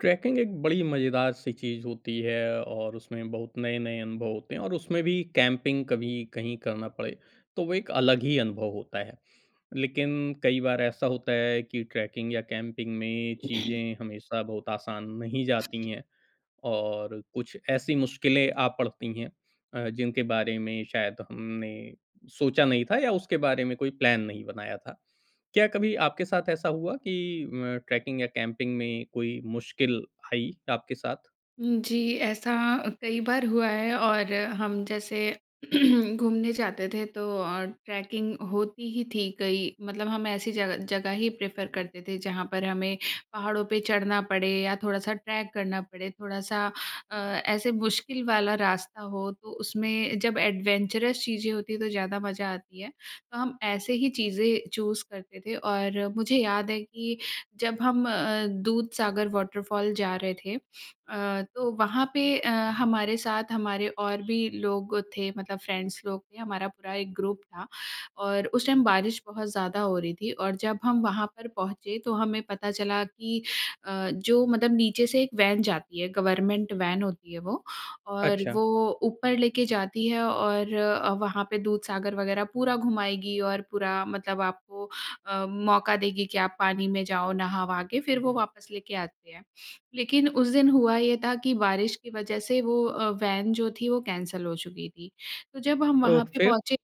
Trekking एक बड़ी मज़ेदार-सी चीज़ होती है और उसमें बहुत नए-नए अनुभव होते हैं और उसमें भी कैंपिंग कभी कहीं करना पड़े तो वो एक अलग ही अनुभव होता है। लेकिन कई बार ऐसा होता है कि ट्रैकिंग या कैंपिंग में चीज़ें हमेशा बहुत आसान नहीं जाती हैं और कुछ ऐसी मुश्किलें आ पड़ती हैं अ, जिनके बारे में शायद हमने सोचा नहीं था या उसके बारे में कोई प्लान नहीं बनाया था। क्या कभी आपके साथ ऐसा हुआ कि अ, ट्रैकिंग या कैंपिंग में कोई मुश्किल आई आपके साथ? उम, जी ऐसा कई बार हुआ है और हम जैसे घूमने जाते थे तो और ट्रैकिंग होती ही थी कई मतलब हम ऐसी जगह जगह ही प्रेफ़र करते थे जहाँ पर हमें पहाड़ों पे चढ़ना पड़े या थोड़ा-सा ट्रैक करना पड़े। थोड़ा-सा अ, ऐसे मुश्किल वाला रास्ता हो तो उसमें जब एडवेंचर्स चीज़ें होती हैं तो ज़्यादा मज़ा आती है। तो हम ऐसे ही चीज़ें चूज़ करते थे और मुझे याद है कि जब हम अ, दूधसागर वॉटरफॉल जा रहे थे अ, तो वहाँ पे अ, हमारे साथ हमारे और भी लोग थे मतलब फ्रेंड्स लोग थे हमारा पूरा एक ग्रुप था। और उस टाइम बारिश बहुत ज़्यादा हो रही थी और जब हम वहाँ पर पहुँचे तो हमें पता चला कि अ, जो मतलब नीचे से एक वैन जाती है गवर्नमेंट वैन होती है वो और अच्छा। वो ऊपर लेके जाती है। और अ, वहाँ पे दूधसागर वग़ैरह पूरा घुमाएगी और पूरा मतलब आपको अ, मौका देगी कि आप पानी में जाओ नहा-वहा के फिर वो वापस लेके आती है। लेकिन उस दिन हुआ ये था कि बारिश की वज़ह से वो अ, वैन जो थी वो कैंसल हो चुकी थी। तो जब हम वहाँ ओह! पे फिर? पहुँचे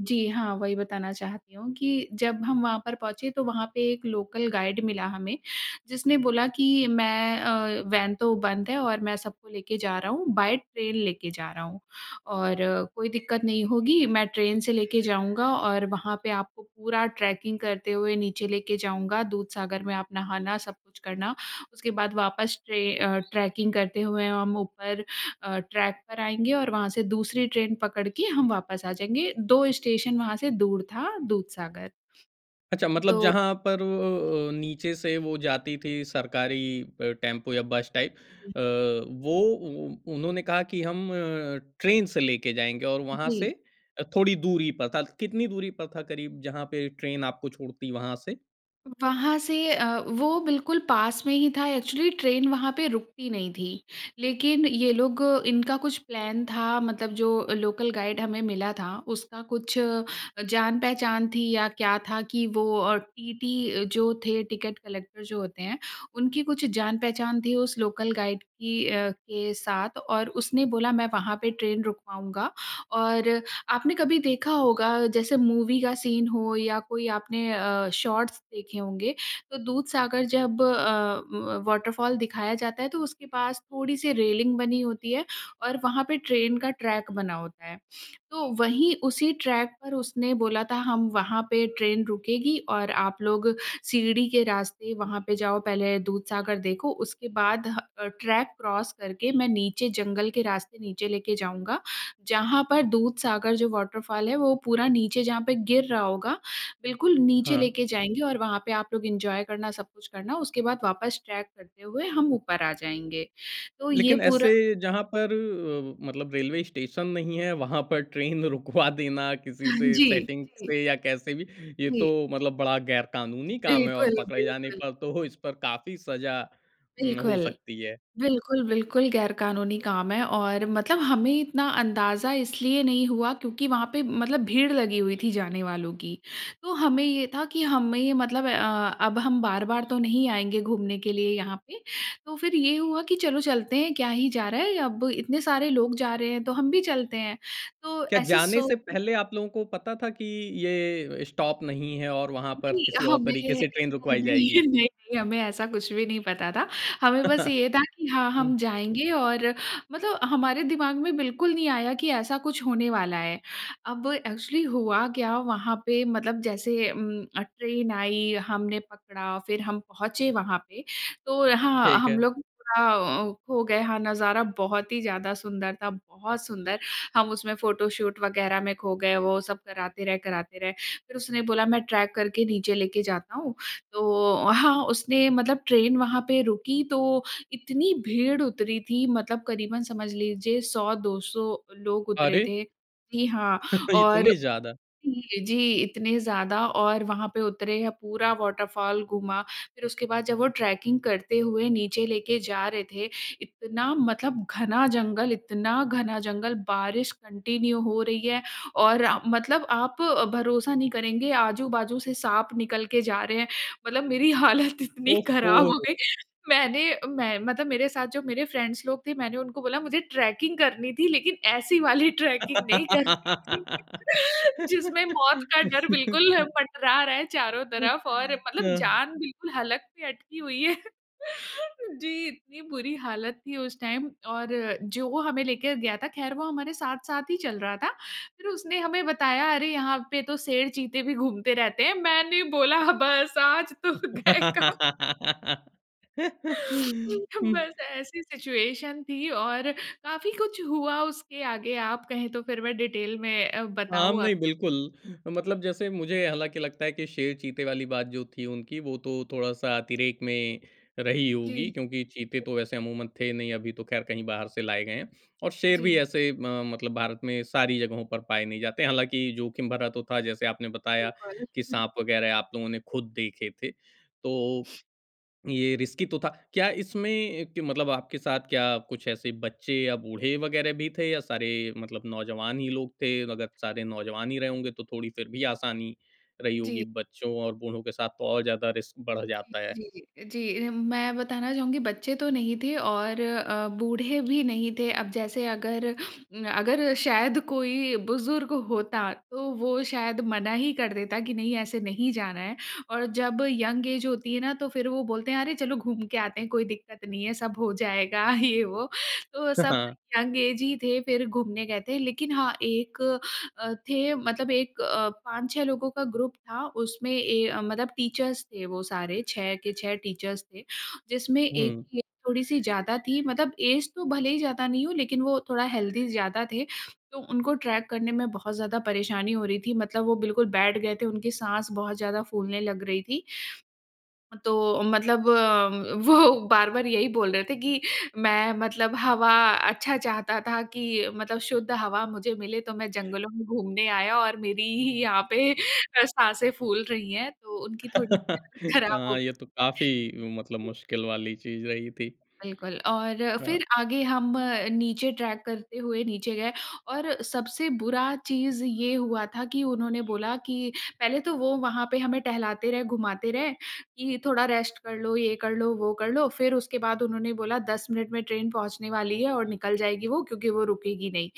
जी हाँ, वही बताना चाहती हूँ कि जब हम वहाँ पर पहुँचे तो वहाँ पे एक लोकल गाइड मिला हमें, जिसने बोला कि मैं अ, वैन तो बंद है और मैं सबको लेके जा रहा हूँ बाय ट्रेन लेके जा रहा हूँ। और कोई दिक्कत नहीं होगी मैं ट्रेन से लेके जाऊँगा और वहाँ पे आपको पूरा ट्रैकिंग करते हुए नीचे लेके जाऊँगा दूधसागर में आप नहाना सब कुछ करना, उसके बाद वापस ट्रे अ, ट्रैकिंग करते हुए हम ऊपर अ, ट्रैक पर आएँगे और वहाँ से दूसरी ट्रेन पकड़ के हम वापस आ जाएँगे। 2 स्टेशन वहाँ से दूर था दूधसागर। अच्छा अ, मतलब तो जहाँ पर अ, अ, नीचे से वो जाती थी सरकारी अ, टेम्पो या बस टाइप हुँ। अ, वो उ उन्होंने कहा कि हम ट्रेन से लेके जाएँगे और वहाँ से जी। अ, थोड़ी दूरी पर था। कितनी दूरी पर था करीब जहाँ पे ट्रेन आपको छोड़ती वहाँ से? वहाँ से अ, वो बिल्कुल पास में ही था, एक्चुअली ट्रेन वहाँ पे रुकती नहीं थी। लेकिन ये लोग इनका कुछ प्लान था मतलब जो लोकल गाइड हमें मिला था उसका कुछ अ, जान पहचान थी या क्या था कि वो अ, टीटी जो थे टिकट कलेक्टर जो होते हैं उनकी कुछ जान पहचान थी उस लोकल गाइड की अ, के साथ और उसने बोला "मैं वहाँ पे ट्रेन रुकवाऊँगा।" और अ, आपने कभी देखा होगा जैसे मूवी का सीन हो या कोई आपने अ, शॉट्स देखे होंगे, तो दूधसागर जब अ, व वॉटरफॉल दिखाया जाता है तो उसके पास थोड़ी-सी रेलिंग बनी होती है और वहाँ पे ट्रेन का ट्रैक बना होता है। तो वहीं उसी ट्रैक पर उसने बोला था हम वहाँ पे ट्रेन रुकेगी और आप लोग सीढ़ी के रास्ते वहाँ पे जाओ। पहले दूधसागर देखो उसके बाद ह अ, ट्रैक क्रॉस करके मैं नीचे जंगल के रास्ते नीचे लेके जाऊँगा। जहाँ पर दूधसागर जो वॉटरफॉल है वो पूरा नीचे जहाँ पे गिर रहा होगा, बिल्कुल नीचे हाँ। लेके जाएँगे और वहाँ पे आप लोग एन्जॉय करना, सब कुछ करना उसके बाद वापस ट्रेक करते हुए हम ऊपर आ जाएँगे। तो ये लेकिन पूरा ऐसे जहाँ पर अ, मतलब रेलवे स्टेशन नहीं है, वहाँ पर ट्रेन रुकवा देना किसी से, जी, सेटिंग जी। से या कैसे भी ये तो जी। मतलब बड़ा गैर-कानूनी काम है। और बिल्कुल, पकड़े जाने बिल्कुल। पर तो इस पर काफ़ी सज़ा उम, हो बिल्कुल। सकती है। बिल्कुल, बिल्कुल गैर कानूनी काम है और मतलब हमें इतना अंदाज़ा इसलिए नहीं हुआ क्योंकि वहाँ पे मतलब भीड़ लगी हुई थी जाने वालों की। तो हमें ये था कि हमें मतलब अ, अब हम बार-बार तो नहीं आएँगे घूमने के लिए यहाँ पे तो फिर ये हुआ कि चलो चलते हैं, क्या ही जा रहा है। अब इतने सारे लोग जा रहे हैं तो हम भी चलते हैं। तो क्या ऐसे जाने सो से पहले आप लोगों को पता था कि ये स्टॉप नहीं है और वहाँ पर नहीं, किसी और हमें तरीके से ट्रेन नहीं-नहीं, रुकवाई जाएगी? नहीं-नहीं हमें ऐसा कुछ भी नहीं पता था। हमें बस ये था कि हाँ, हम हुँ। जाएँगे और मतलब हमारे दिमाग में बिल्कुल नहीं आया कि ऐसा कुछ होने वाला है। अब एक्चुअली हुआ क्या वहाँ पे मतलब जैसे उम, अ, ट्रेन आई, हमने पकड़ा फिर हम पहुँचे वहाँ पे। तो हाँ, ठीक हम है। लोग पूरा थोड़ा अ, खो गए। हाँ, नज़ारा बहुत ही ज़्यादा सुंदर था, बहुत सुंदर। हम उसमें फोटोशूट वग़ैरह में खो गए, वो सब कराते रहे, कराते रहे। फिर उसने बोला मैं ट्रेक करके नीचे लेके जाता हूँ। तो हाँ, उसने मतलब ट्रेन वहाँ पे रुकी तो इतनी भीड़ उतरी थी मतलब करीबन समझ लीजिए 100-200 लोग उतरे अरे! थे। जी हाँ। और इतनी ज़्यादा। [unintelligible] जी, जी इतने ज़्यादा और वहाँ पे उतरे हैं पूरा वॉटरफॉल घूमा फिर उसके बाद जब वो ट्रेकिंग करते हुए नीचे लेके जा रहे थे, इतना मतलब घना जंगल, इतना घना जंगल बारिश कंटिन्यू हो रही है। और अ, मतलब आप अ, भरोसा नहीं करेंगे आजू-बाजू से साँप निकल के जा रहे हैं। मतलब मेरी हालत इतनी ओह! खराब हो हो। गई मैंने अ, मैं मतलब मेरे साथ जो मेरे फ्रेंड्स लोग थे मैंने उनको बोला "मुझे ट्रेकिंग करनी थी लेकिन ऐसी वाली ट्रेकिंग नहीं करनी थी।" जिसमें मौत का डर बिल्कुल पटरा रहा है चारों तरफ और मतलब हाँ। जान बिल्कुल हलक पे अटकी हुई है। जी। इतनी बुरी हालत थी उस टाइम और अ, जो हमें लेके गया था खैर वो हमारे साथ-साथ ही चल रहा था। फिर उसने हमें बताया अरे यहाँ पे तो शेर चीते भी घूमते रहते हैं। मैंने बोला बस आज तो गए काम बस ऐसी सिचुएशन थी और काफ़ी कुछ हुआ उसके आगे। आप कहें तो फिर मैं डिटेल में अ, आम बताऊँ नहीं, आप बिल्कुल। मतलब जैसे मुझे हालाँकि लगता है कि शेर चीते वाली बात जो थी उनकी वो तो थोड़ा-सा अतिरेक में रही होगी जी। क्योंकि चीते तो वैसे अमूमन थे नहीं, अभी तो खैर कहीं बाहर से लाए गए हैं। और शेर भी जी। ऐसे अ, मतलब भारत में सारी जगहों पर पाए नहीं जाते। हालाँकि जोखिम भरा तो था जैसे आपने बताया बिल्कुल। कि साँप वग़ैरह आप लोगों ने खुद देखे थे। तो ये रिस्की तो था। क्या इसमें ए, कि मतलब आपके साथ क्या कुछ ऐसे बच्चे या बूढ़े वग़ैरह भी थे या सारे मतलब नौजवान ही लोग थे? अगर सारे नौजवान ही रहे होंगे तो थोड़ी फिर भी आसानी रही जी। होगी, बच्चों और बूढ़ों के साथ तो और ज़्यादा रिस्क बढ़ जी, जाता है। जी, जी, जी। मैं बताना चाहूँगी बच्चे तो नहीं थे और अ, बूढ़े भी नहीं थे। अब जैसे अगर उम, अगर शायद कोई बुज़ुर्ग होता तो वो शायद मना ही कर देता कि नहीं ऐसे नहीं जाना है। और जब यंग ऐज होती है ना तो फिर वो बोलते हैं "अरे चलो घूम के आते हैं कोई दिक्कत नहीं है सब हो जाएगा" ये वो। तो सब हाँ। यंग ऐज ही थे, फिर घूमने गए थे। लेकिन हाँ, एक अ, थे मतलब एक अ, 5-6 लोगों का ग्रुप था उसमें ए, अ, मतलब टीचर्स थे वो सारे, 6 के 6 टीचर्स थे। जिसमें एक हुँ। की ऐज थोड़ी-सी ज़्यादा थी मतलब ऐज तो भले ही ज़्यादा नहीं हो लेकिन वो थोड़ा हेल्दी ज़्यादा थे तो उनको ट्रेक करने में बहुत ज़्यादा परेशानी हो रही थी। मतलब वो बिल्कुल बैठ गए थे, उनकी साँस बहुत ज़्यादा फूलने लग रही थी। तो मतलब उम, वो बार-बार यही बोल रहे थे कि "मैं मतलब हवा अच्छा चाहता था कि मतलब शुद्ध हवा मुझे मिले तो मैं जंगलों में घूमने आया और मेरी ही यहाँ पे अ, साँसें फूल रही हैं तो उनकी थोड़ी-सी हालत खराब हो हाँ, गई। ये तो काफ़ी मतलब मुश्किल वाली चीज़ रही थी। बिल्कुल। और अ, हाँ। फिर आगे हम अ, नीचे ट्रेक करते हुए नीचे गए और सबसे बुरा चीज़ ये हुआ था कि उन्होंने बोला कि पहले तो वो वहाँ पे हमें टहलाते रहे, घुमाते रहे कि थोड़ा रेस्ट कर लो, ये कर लो, वो कर लो फिर उसके बाद उन्होंने बोला, "10 मिनट में ट्रेन पहुँचने वाली है और निकल जाएगी वो क्योंकि वो रुकेगी नहीं।"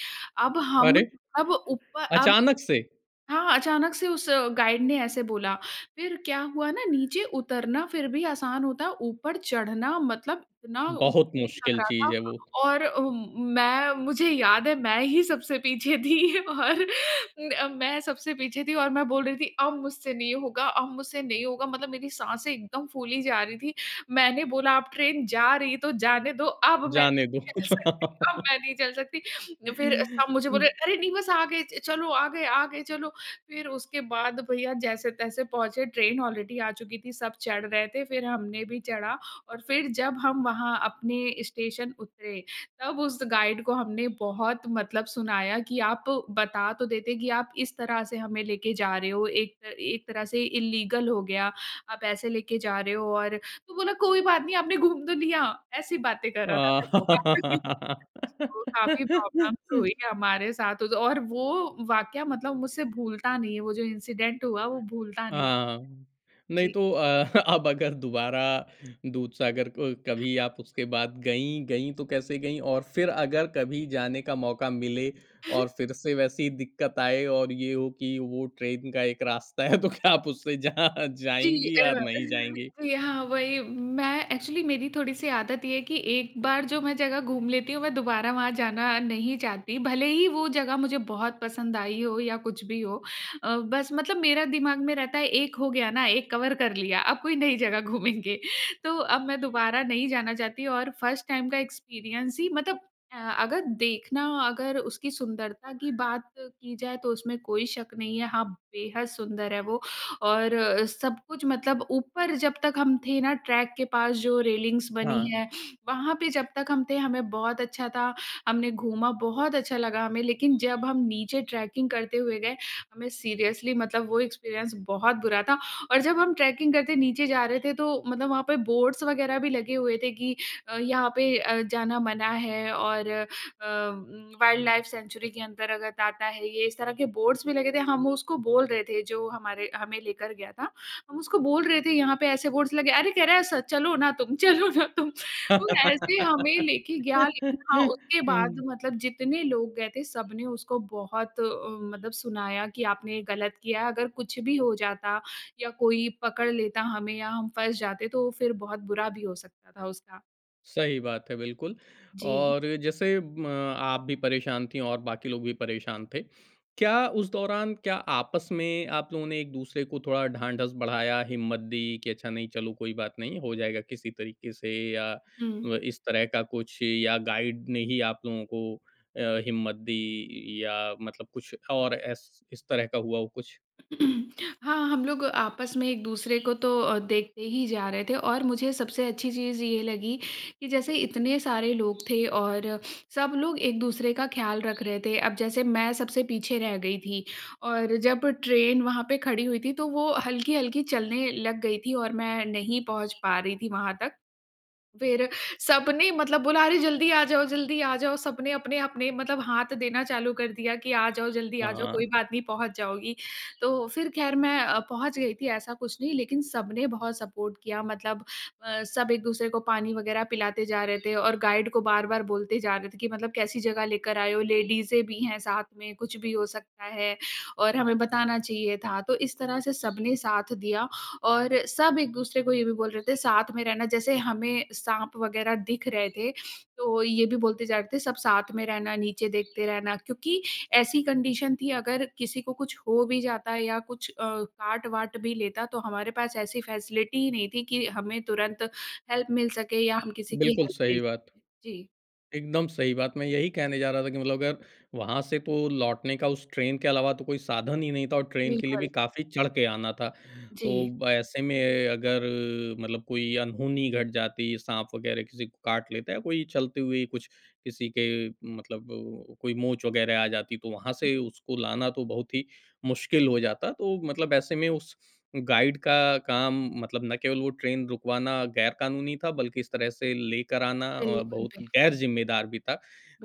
अब हम अरे! अब ऊप अब अचानक से? हाँ, अचानक से उस गाइड ने ऐसे बोला। फिर क्या हुआ ना नीचे उतरना फिर भी आसान होता है, ऊपर चढ़ना मतलब इतना बहुत मुश्किल लग मुश्किल रहा था। चीज़ है वो। और अ, मैं मुझे याद है, मैं ही सबसे पीछे थी। और म मैं सबसे पीछे थी और मैं बोल रही थी, "अब मुझसे नहीं होगा, अब मुझसे नहीं होगा" मतलब मेरी साँसें एकदम फूली जा रही थी। मैंने बोला "अब ट्रेन जा रही तो जाने दो, अब मैं नहीं जाने दो। चल सकती, अब मैं नहीं चल सकती।" फिर सब मुझे बोले "अरे! नहीं बस आ गए च चलो, आ गए, आ गए, चलो।" फिर उसके बाद भईया जैसे-तैसे पहुँचे। ट्रेन ऑलरेडी आ चुकी थी, सब चढ़ रहे थे फिर हमने भी चढ़ा। और फिर जब हम वहाँ अपने स्टेशन उतरे, तब उस गाइड को हमने बहुत मतलब सुनाया कि "आप बता तो देते कि आप इस तरह से हमें लेके जा रहे हो। एक एक तरह से इल्लीगल हो गया। आप ऐसे लेके जा रहे हो और" तो बोला "कोई बात नहीं आपने घूम तो लिया।" ऐसी बातें कर रहा था फिर वो। [unintelligible] हाँ तो काफ़ी प्रॉब्लम्स तो हुई हमारे साथ उद और वो वाक़या मतलब मुझसे भूलता नहीं है, वो जो इंसिडेंट हुआ वो भूलता नहीं। हाँ। नहीं जी। तो अ, अब अगर दोबारा दूधसागर क कभी आप उसके बाद गईं, गईं तो कैसे गईं? और फिर अगर कभी जाने का मौका मिले और फिर से वैसी दिक्कत आए और ये हो कि वो ट्रेन का एक रास्ता है तो क्या आप उससे जा जी, अ, जाएँगी या नहीं जाएँगी? यहाँ वही मैं एक्चुअली मेरी थोड़ी सी आदत ये है कि एक बार जो मैं जगह घूम लेती हूँ मैं दोबारा वहाँ जाना नहीं चाहती, भले ही वो जगह मुझे बहुत पसंद आई हो या कुछ भी हो। अ, बस मतलब मेरा दिमाग में रहता है एक हो गया ना, एक कवर कर लिया अब कोई नई जगह घूमेंगे। तो अब मैं दोबारा नहीं जाना चाहती। और फर्स्ट टाइम का एक्सपीरियंस ही मतलब अ, अगर देखना अगर उसकी सुंदरता की बात की जाए तो उसमें कोई शक नहीं है। हाँ, बेहद सुंदर है वो। और अ, सब कुछ मतलब ऊपर जब तक हम थे ना ट्रैक के पास जो रेलिंग्स बनी हाँ। है, वहाँ पे जब तक हम थे हमें बहुत अच्छा था, हमने घूमा बहुत अच्छा लगा हमें। लेकिन जब हम नीचे ट्रेकिंग करते हुए गए, हमें सीरियसली मतलब वो एक्सपीरियंस बहुत बुरा था। और जब हम ट्रेकिंग करते नीचे जा रहे थे तो मतलब वहाँ पे बोर्ड्स वग़ैरह भी लगे हुए थे कि अ, यहाँ पे अ, जाना मना है। और अ, वाइल्डलाइफ सेंचुरी के अंदर अगर ताता है ये, इस तरह के बोर्ड्स भी लगे थे, हम उसको बोल रहे थे जो हमारे हमें लेकर गया था। हम उसको बोल रहे थे यहाँ पे ऐसे बोर्ड्स लगे, अरे! कह रहा है स "चलो ना तुम, चलो ना तुम।" तो ऐसे हमें लेके गया लेकिन हाँ, उसके बाद हुँ। मतलब जितने लोग गए थे सबने उसको बहुत अ, मतलब सुनाया कि आपने गलत किया। अगर कुछ भी हो जाता या कोई पकड़ लेता हमें या हम फँस जाते तो फिर बहुत बुरा भी हो सकता था उसका। सही बात है, बिल्कुल। जी। और जैसे म आप भी परेशान थी और बाकी लोग भी परेशान थे। क्या उस दौरान क्या आपस में आप लोगों ने एक-दूसरे को थोड़ा ढांढस बढ़ाया, हिम्मत दी कि, "अच्छा नहीं, चलो कोई बात नहीं हो जाएगा किसी तरीके से" या हुँ। व इस तरह का कुछ, या गाइड ने ही आप लोगों को अ, हिम्मत दी, या मतलब कुछ और एस इस तरह का हुआ हो कुछ? हाँ, हम लोग आपस में एक-दूसरे को तो अ, देखते ही जा रहे थे। और मुझे सबसे अच्छी चीज़ ये लगी कि जैसे इतने सारे लोग थे, और सब लोग एक-दूसरे का ख़्याल रख रहे थे। अब जैसे मैं सबसे पीछे रह गई थी और जब ट्रेन वहाँ पे खड़ी हुई थी, तो वो हल्की-हल्की चलने लग गई थी और मैं नहीं पहुँच पा रही थी वहाँ तक। फिर सबने मतलब बोला, "अरे! जल्दी आ जाओ, जल्दी आ जाओ", सबने अपने-अपने मतलब हाथ देना चालू कर दिया कि, "आ जाओ, जल्दी आ जाओ, हाँ। कोई बात नहीं पहुँच जाओगी।" तो फिर ख़ैर मैं अ, पहुँच गई थी, ऐसा कुछ नहीं, लेकिन सबने बहुत सपोर्ट किया। मतलब अ, सब एक-दूसरे को पानी वग़ैरह पिलाते जा रहे थे, और गाइड को बार-बार बोलते जा रहे थे कि, "मतलब कैसी जगह लेकर आए हो, लेडीज़ें भी हैं साथ में, कुछ भी हो सकता है, और हमें बताना चाहिए था"। तो इस तरह से सबने साथ दिया, और सब एक-दूसरे को ये भी बोल रहे थे, "साथ में रहना", जैसे हमें साँप वग़ैरह दिख रहे थे। तो ये भी बोलते जा रहे थे, "सब साथ में रहना, नीचे देखते रहना" क्योंकि ऐसी कंडीशन थी, अगर किसी को कुछ हो भी जाता या कुछ अ, काट-वाट भी लेता, तो हमारे पास ऐसी फैसिलिटी ही नहीं थी कि हमें तुरंत हेल्प मिल सके या हम किसी की बिल्कुल हेल्प ले सही बात। सकें। जी। एकदम सही बात। मैं यही कहने जा रहा था कि मतलब अगर वहाँ से तो लौटने का उस ट्रेन के अलावा तो कोई साधन ही नहीं था और ट्रेन के लिए भी बिल्कुल। काफ़ी चढ़ के आना था। जी। तो ऐसे में अगर मतलब कोई अनहोनी घट जाती, साँप वग़ैरह किसी को काट लेता है, या कोई चलते हुए ही कुछ किसी के मतलब कोई मोच वग़ैरह आ जाती, तो वहाँ हुँ। से उसको लाना तो बहुत ही मुश्किल हो जाता। तो मतलब ऐसे में उस गाइड का काम, मतलब ना केवल वो ट्रेन रुकवाना ग़ैर-कानूनी था, बल्कि इस तरह से लेकर आना अ, बिल्कुल, बहुत बिल्कुल। ग़ैर-ज़िम्मेदार भी था।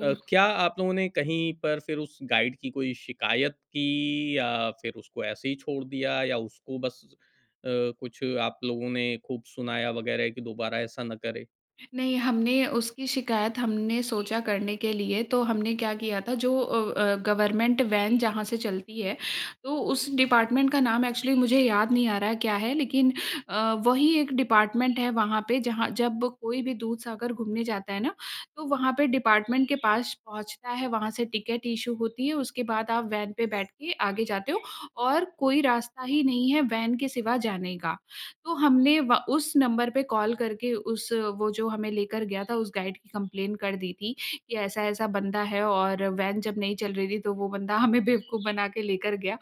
अ, क्या आप लोगों ने कहीं पर फिर उस गाइड की कोई शिकायत की, या फिर उसको ऐसे ही छोड़ दिया, या उसको बस अ, कुछ आप लोगों ने ख़ूब सुनाया वग़ैरह कि दोबारा ऐसा ना करे? नहीं हमने उसकी शिकायत हमने सोचा करने के लिए तो हमने क्या किया था जो अ, अ, गवर्नमेंट वैन जहाँ से चलती है। तो उस डिपार्टमेंट का नाम एक्चुअली मुझे याद नहीं आ रहा क्या है लेकिन अ, वही एक डिपार्टमेंट है वहाँ पे जहाँ जब कोई भी दूधसागर घूमने जाता है ना? तो वहाँ पे डिपार्टमेंट के पास पहुँचता है वहाँ से टिकट इश्यू होती है उसके बाद आप वैन पर बैठ के आगे जाते हो और कोई रास्ता ही नहीं है वैन के सिवा जाने का। तो हमने व उस नंबर पे कॉल करके उस वो जो हमें लेकर गया था उस गाइड की कम्प्लेन कर दी थी कि ऐसा-ऐसा बंदा है और वैन जब नहीं चल रही थी तो वो बंदा हमें बेवकूफ़ बना के लेकर गया।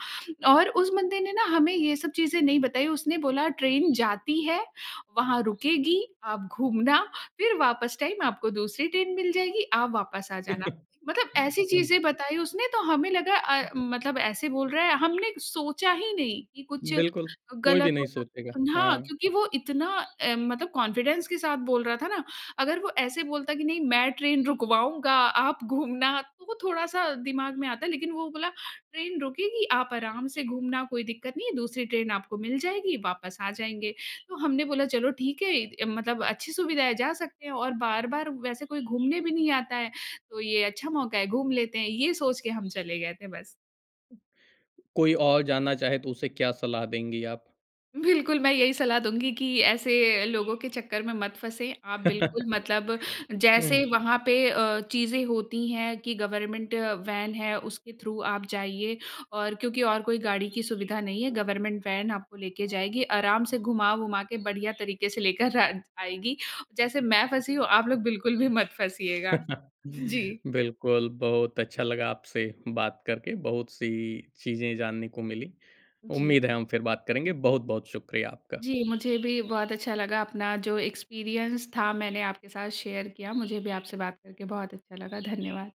और उस बंदे ने ना हमें ये सब चीज़ें नहीं बताई। उसने बोला ट्रेन जाती है वहाँ रुकेगी आप घूमना फिर वापस टाइम आपको दूसरी ट्रेन मिल जाएगी, आप वापस आ जाना। मतलब ऐसी उम चीज़ें बताई उसने तो हमें लगा अ अ, मतलब ऐसे बोल रहा है हमने सोचा ही नहीं, कि कुछ बिल्कुल। कोई भी गलत नहीं हो सक सोचेगा। उम, हाँ, हाँ। क्योंकि वो इतना अ, मतलब कॉन्फिडेंस के साथ बोल रहा था ना, अगर वो ऐसे बोलता कि नहीं मैं ट्रेन रुकवाऊँगा आप घूमना तो वो थोड़ा-सा दिमाग में आता है। लेकिन वो बोला ट्रेन रुकेगी आप आराम से घूमना कोई दिक्कत नहीं है दूसरी ट्रेन आपको मिल जाएगी वापस आ जाएँगे। तो हमने बोला, "चलो ठीक है इत मतलब अच्छी सुविधा है जा सकते हैं और बार-बार वैसे कोई घूमने भी नहीं आता है तो ये अच्छा मौका है घूम लेते हैं। ये सोच के हम चले गए थे बस। कोई और जाना चाहे तो उसे क्या सलाह देंगी आप? बिल्कुल मैं यही सलाह दूँगी कि ऐसे अ, लोगों के चक्कर में मत फँसे। आप बिल्कुल मतलब जैसे हुँ। वहाँ पे अ, चीज़ें होती हैं कि गवर्नमेंट वैन है उसके थ्रू आप जाइए और क्योंकि और कोई गाड़ी की सुविधा नहीं है गवर्नमेंट वैन आपको लेके जाएगी आराम से घुमा-वुमा के बढ़िया तरीके से लेकर अ, जाएगी। जैसे मैं फँसी हूँ आप लोग बिल्कुल भी मत फँसिएगा। जी। बिल्कुल बहुत अच्छा लगा आपसे बात करके, बहुत-सी चीज़ें जानने को मिली। जी। उम्मीद है हम फिर बात करेंगे। बहुत-बहुत शुक्रिया आपका। जी, मुझे भी बहुत अच्छा लगा अपना जो एक्सपीरियन्स था मैंने आपके साथ शेयर किया। मुझे भी आपसे बात करके बहुत अच्छा लगा। धन्यवाद।